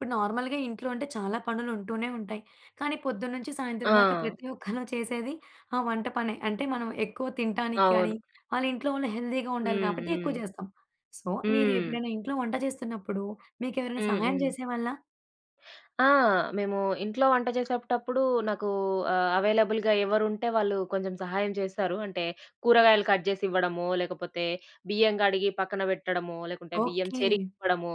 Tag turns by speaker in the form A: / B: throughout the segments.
A: ఇప్పుడు నార్మల్‌గా ఇంట్లో అంటే చాలా పనులుంటూనే ఉంటాయి, కానీ పొద్దున్నుంచి సాయంత్రం దాకా
B: ఆ!
A: ప్రతి ఒక్కళ్ళం చేసేది ఆ వంట పనే. అంటే, మనం ఎక్కువ తింటానికి కానీ,
B: అవును.
A: వాళ్ళింట్లో వాళ్ళు హెల్దీగా ఉండాలి
B: హ్మ్.
A: గాబట్టి ఎక్కువ
B: హ్మ్.
A: జేస్తాం. సో, మీరు
B: హ్మ్.
A: ఎపుడైనా ఇంట్లో వంట చేస్తున్నప్పుడు మీకెవరైనా
B: హ్మ్.
A: సహాయం
B: హ్మ్.
A: చేసేవాళ్ళా?
B: ఆ! మేము ఇంట్లో వంట జేసేటప్పుడు నాకూ ఆహ్, అవైలబుల్‌గా ఎవరుంటే వాళ్ళు కొంచెం సహాయం చేస్తారు. అంటే, కూరగాయలు కట్ జేసివ్వడమో, లేకపోతే బియ్యం గడిగి పక్కన పెట్టడమో, లేకుంటే బియ్యం
A: ఓకే.
B: చెరిగివ్వడమో,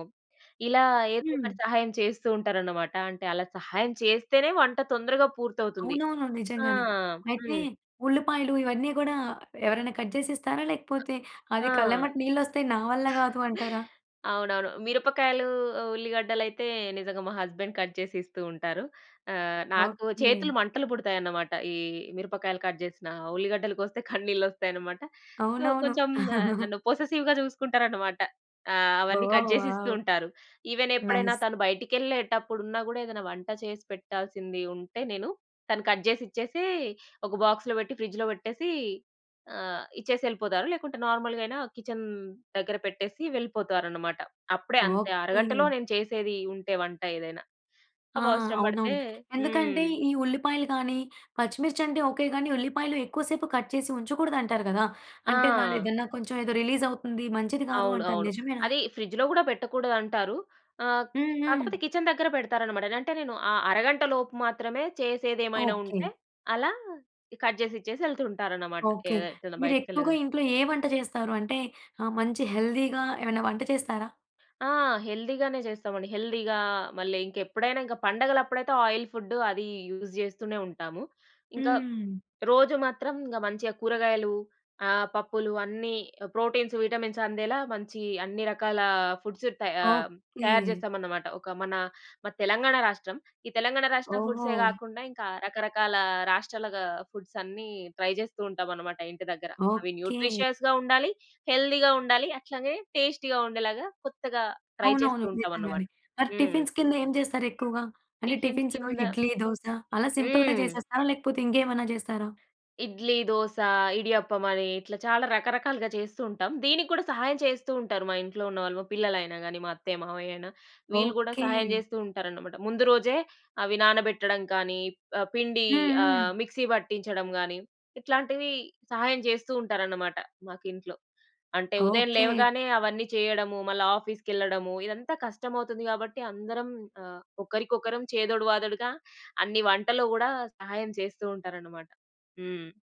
B: ఇలా
A: హ్మ్.
B: ఏదోకటి సహాయం చేస్తూ ఉంటారనమాట. అంటే, అలా సహాయం చేస్తేనే వంట తొందరగా పూర్తవుతుంది.
A: అవునవును.
B: ఆ!
A: నిజంగానే. అయితే,
B: హ్మ్.
A: ఉల్లిపాయలు ఇవన్నీ గూడా ఎవరైనా కట్ జేసిస్తారా? లేకపోతే, అది
B: ఆ!
A: కళ్ళెమ్మట నీళ్ళొస్తే నా వల్ల గాదు అంటారా?
B: అవునవును. మిరపకాయలూ, ఉల్లిగడ్డలయితే నిజంగా మా హస్బెండ్ కట్ చేసి ఇస్తూ ఉంటారు. ఆహ్, నాకు
A: ఓకే.
B: చేతులు మంటలు పుడతాయనమాట. ఈ మిరపకాయలు కట్ జేసినా, ఉల్లిగడ్డలు కోస్తే కన్నీళ్ళొస్తాయనమాట. సో,
A: అవునవును.
B: కొంచెం ఆహ్, నన్ను పొసెసివ్‌గా జూసుకుంటారనమాట. ఆ! అవన్నీ
A: ఓహ్!
B: కట్ జేసి ఇస్తూ
A: వావ్!
B: ఉంటారు. ఈవెనెప్పుడైనా
A: నైస్.
B: తను బయటికెళ్ళేటప్పుడున్నా గూడా, ఏదన్నా వంట చేసి పెట్టాల్సింది ఉంటే నేను, తను కట్ జేసిచ్చేసీ, ఒక బాక్స్‌లో బెట్టి ఫ్రిడ్జ్‌లో బెట్టేసీ ఆహ్, ఇచ్చేసెళ్ళిపోతారు, లేకుంటే నార్మల్‌గాయిన కిచెన్ దగ్గర పెట్టేసి వెళ్ళిపోతారనమాట. అప్పుడే అంతే, ఆ అరగంటలో
A: ఓకే.
B: నేను చేసేదీ ఉంటే వంట ఏదైనా.
A: ఆ!
B: అవవసరం బడతే
A: అవునవును.
B: హ్మ్.
A: ఎందుకంటే, ఈ ఉల్లిపాయలు గానీ, పచ్చిమిర్చంటే ఓకే గానీ, ఉల్లిపాయలు ఎక్కువ సేపు కట్ చేసి ఉంచకూడదంటారు గదా! అంటే, దాని
B: ఆ!
A: ఏదన్నా కొంచెం ఏదో రిలీజవుతుంది, మంచిది కాదు
B: అవును.
A: అంటారు
B: అవును.
A: నిజమేనా?
B: అదీ ఫ్రిడ్జ్‌లో గూడా పెట్టకూడదంటారు. ఆహ్,
A: హ్మ్. హ్మ్.
B: కాకపోతే కిచెన్ దగ్గర పెడతారనమాట. అంటే, నేను ఆ అరగంట లోపు మాత్రమే చేసేదేమైనా
A: ఓకే.
B: ఉంటే, అలా ఇ కట్ జేసిచ్చేసి యెళ్తూ ఉంటారనమాట. కే
A: ఓకే.
B: ఎటన్నా
A: మీరెక్కువగా
B: బయటకెళ్ళేదుంటే.
A: ఇంట్లో ఏ వంట చేస్తారు? అంటే ఆహ్, మంచి హెల్దీగా ఏవైనా వంట చేస్తారా?
B: ఆ! హెల్దీగానే జేస్తామండి. హెల్దీగా, మళ్ళీ ఇంకెప్పుడైనా, ఇంక పండగలప్పుడైతే ఆయిల్ ఫుడ్డు అదీ యూజ్ జేస్తూనే ఉంటాము. ఇంక,
A: హ్మ్.
B: రోజూ మాత్రం ఇంగ మంచిగా కూరగాయలు, ఆహ్, పప్పులు అన్నీ ప్రోటీన్స్, విటమిన్స్ అందేలా మంచీ అన్ని రకాలా ఫుడ్స్ త ఆహ్, తయారు
A: ఓకే.
B: జేస్తామనమాట. ఒక మనా మాది తెలంగాణ రాష్ట్రం. ఈ తెలంగాణ రాష్ట్రం
A: ఓహో!
B: ఫుడ్సే గాకుండా, ఇంకా రకరకాల రాష్ట్రాలగా ఫుడ్సన్ని ట్రై జేస్తూ ఉంటామనమాట ఇంటి దగ్గర. అవి
A: ఓకే.
B: న్యూట్రిషియస్‌గా ఉండాలి, హెల్దీగా ఉండాలి. అట్లాగే టేస్టీగా ఉండేలాగా కొత్తగా ట్రై చేస్తూ
A: అవునవును.
B: ఉంటామనమాట.
A: నిజంగానే. మరి
B: హ్మ్.
A: టిఫిన్స్ కింద ఏం జేస్తారెక్కువుగా? అంటే,
B: టిఫిన్స్
A: టిఫిన్స్‌లో
B: కింద
A: ఇడ్లీ, దోస అలా సింపుల్‌గా
B: హ్మ్.
A: జేసేస్తారా? లేకపోతే, ఇంకేమన్నా జేస్తారా?
B: ఇడ్లీ, దోస, ఇడియప్పమని ఇట్లా చాలా రకరకాలుగా చేస్తూ ఉంటాం. దీనికి గూడా సహాయం చేస్తూ ఉంటారు మా ఇంట్లో ఉన్న వాళ్ళు, మా పిల్లలయినా గానీ, మా అత్తయ్య, మామయ్యయిన. వీళ్ళు గూడా
A: ఓకే.
B: సహాయం జేస్తూ ఉంటారనమాట. ముందు రోజే అవి నానబెట్టడం కానీ, ఆహ్, పిండీ
A: హ్మ్.
B: ఆహ్,
A: హ్మ్.
B: మిక్సీ పట్టించడం గానీ, ఇట్లాంటివి సహాయం జేస్తూ ఉంటారనమాట మాకింట్లో. అంటే, ఉదయం
A: ఓకే.
B: లేవగానే అవన్నీ చెయ్యడము, మళ్ళా ఆఫీస్‌కెళ్ళడము, ఇదంతా కష్టమవుతుంది గాబట్టి, అందరం ఆహ్, ఒకరికొకరం చేదోడు వాదోడుగా అన్ని వంటలో గూడా సహాయం చేస్తూ ఉంటారనమాట. హ్మ్.